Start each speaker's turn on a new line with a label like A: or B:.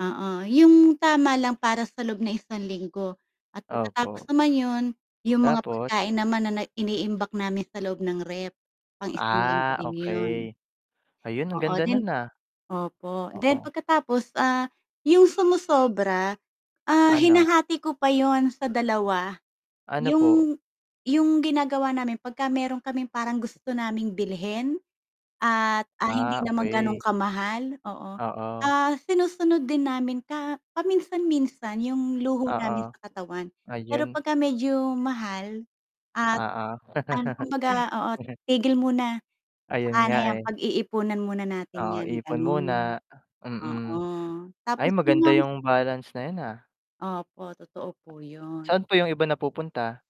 A: Oo, yung tama lang para sa loob ng isang linggo at pagkatapos
B: Opo.
A: naman yun, yung mga
B: Tapos?
A: pagkain naman na na iniimbak namin sa loob ng ref, pang isang linggo
B: Ah,
A: din 'yon.
B: okey. Ayun, ang
A: Oo,
B: ganda
A: then
B: nun, ah.
A: opo, then
B: Oo.
A: pagkatapos ah, yung sumosobra, ah,
B: Ano?
A: hinahati ko pa yun sa 2.
B: Ano po?
A: Yung yung ginagawa namin pagka meron kaming parang gusto naming bilhin at, ah, hindi
B: Ah,
A: naman ganun
B: okey.
A: kamahal oo,
B: Oo.
A: ah, sinusunod din namin ka paminsan-minsan yung luho namin
B: Oo,
A: sa katawan. Pero
B: ayun.
A: pagka medyo mahal at
B: Oo.
A: an kumbaga oo tigil muna,
B: Ayun
A: "Tsaka na
B: nga,
A: yan,
B: eh.
A: pag-iipunan muna natin
B: Oo,
A: yan."
B: ipon
A: ganun.
B: muna,
A: Oo,
B: mm. Ay,
A: tapos yun
B: maganda
A: ngang
B: yung balance na yun, ah.
A: Opo, totoo po yun.
B: Saan po yung iba napupunta?